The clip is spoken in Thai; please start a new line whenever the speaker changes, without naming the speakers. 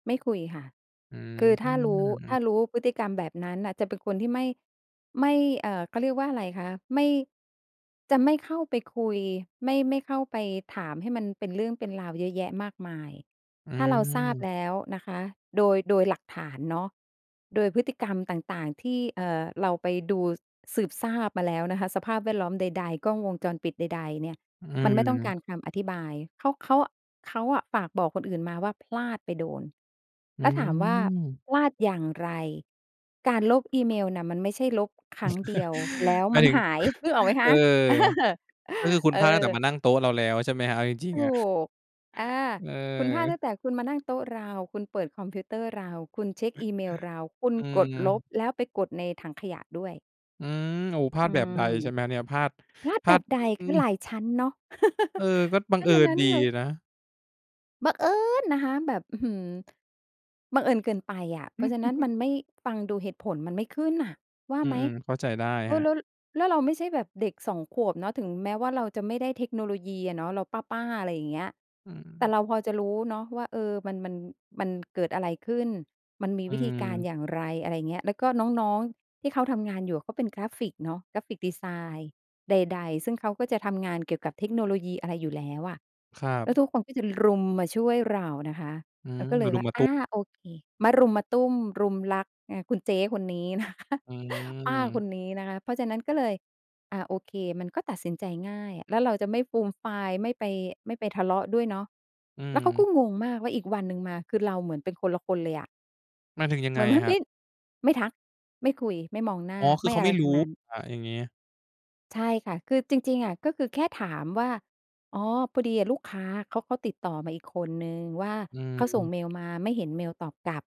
ไม่คุยค่ะ
อื
คือถ้ารู้ ถ้า
อ
รู้พฤติกรรมแบบนั้นน่ะ จะเป็นคนที่ไม่ ไม่ เอ่อ เขาเรียกว่าอะไรคะ ไม่ จะไม่เข้าไปคุย ไม่ ไม่เข้าไปถามให้มันเป็นเรื่องเป็นราวเยอะแยะมากมาย
อื
ถ้าเราทราบ
อ
แล้วนะคะ โดย โดยหลักฐานเนาะ โดยพฤติกรรมต่าง ๆ ที่ เอ่อ เราไปดูสืบทราบมาแล้วนะคะ สภาพแวดล้อมใด ๆ กล้องวงจรปิดใด ๆ เนี่ย
อ
มันไม่ต้องกา
ือ
รคำอธิบาย เขา เขา เขาอะฝากบอกคนอื่นมาว่าพลาดไปโดน
อื
แล้วถามว่า
อ
พลาดอย่างไร การลบอีเมลน่ะมันไม่ใช่ลบครั้งเดียวแล้ว
หมา
มั
ย
น
ถึง
หายนึกออกไหมค
เอ
ะ?
อ
เออ
ก็คือคุณ
เอ
พลาดตั้งแต่
อ
มานั่งโต๊ะเราแล้ว ใช่ไหมครับ เอาจริง
ถ
ๆ อะ
ูก อา
เ
คุณพลาด
ออ
ตั้งแต่คุณมานั่งโต๊ะเรา คุณเปิดคอมพิวเตอร์เรา คุณเช็กอีเมลเรา คุณ
อื
กดลบ
ม
แล้วไปกดในถังขยะด้วย
อืม โอ้ พลา
อื
ดแบบ
ม
ใด ใช่ไหมเนี่ย พลาด
พลาด
พ
แ
ล
บ
าด
บใด
อ
ค
ื
ือ
ม
หลายชั้นเนาะ
เออ ก็บั
เพ
ง
รา
เอ
ะฉะ
ิ
น
ญ
ั้น
ดี
ค่ะ
นะ
บังเอิญนะคะแบบ อื้อฮือ บังเอิญเกินไปอะ เพราะฉะนั้นมันไม่ ฟังดูเหตุผลมันไม่ขึ้นน่ะว่า
อือ
ไหม?
ๆ เข้าใจได้
เอ
ครั
อ
บ
แล้ว แล้วเราไม่ใช่แบบเด็ก 2 ขวบเนาะ ถึงแม้ว่าเราจะไม่ได้เทคโนโลยีอะเนาะ เราป้า ๆ อะไรอย่างเงี้ย
อื
แต่
ม
เราพอจะรู้เนาะว่า เออ มัน มัน มันเกิดอะไรขึ้น มันมี
อื
วิธีการ
อ
อย่างไร อะไรอย่างเงี้ย แล้วก็น้อง ๆ ที่เขาทำงานอยู่ เขาเป็นกราฟิกเนาะ กราฟิกดิไซน์ใด ๆ ซึ่งเขาก็จะทำงานเกี่ยวกับเทคโนโลยีอะไรอยู่แล้วอะ
ครั
แล
บ
้วทุกคนก็จะรุมมาช่วยเรานะคะ
อื
เรา
อ
ก็เล
มะ
ย
รุ
ว
ม
่า
มะ
อ
ตู้
า
ม
โอเค มะรุมมะตุ้มรุมรักไง คุณเจ๊คนนี้ นะคะ
อื
ป้าค
อ
นนี้นะคะ เพราะฉะนั้นก็เลย อา โอเค มันก็ตัดสินใจง่าย แล้วเราจะไม่ฟูมฟาย ไม่ไป ไม่ไปทะเลาะด้วยเนาะ
อื
แล้วเขาก
อ
็งงมากว่าอีกวันหนึ่งมา คือเราเหมือนเป็นคนละคนเลยอะ
หมายถึงยัง
เห
ไ
ม
ง
ือนมัน
คร
เ
ั
ป
บ?
็น ไม่ทัก ไม่คุย ไม่มองหน้า
อ๋อ ค
ไ
ือ
ม่
เขา
อะ
ไ
ไ
ม
ร
่
ท
รู
ั้ง
้
นั้น
อะ อย่างงี้
ใช่ค่ะ คือจริง ๆ อะ ก็คือแค่ถามว่า อ๋อ พอดีอะลูกค้า เขา เขาก็ติดต่อมาอีกคนหนึ่งว่า
อื
เขาส่ง
อ
เมลมาไม่เห็นเมลตอบกลับ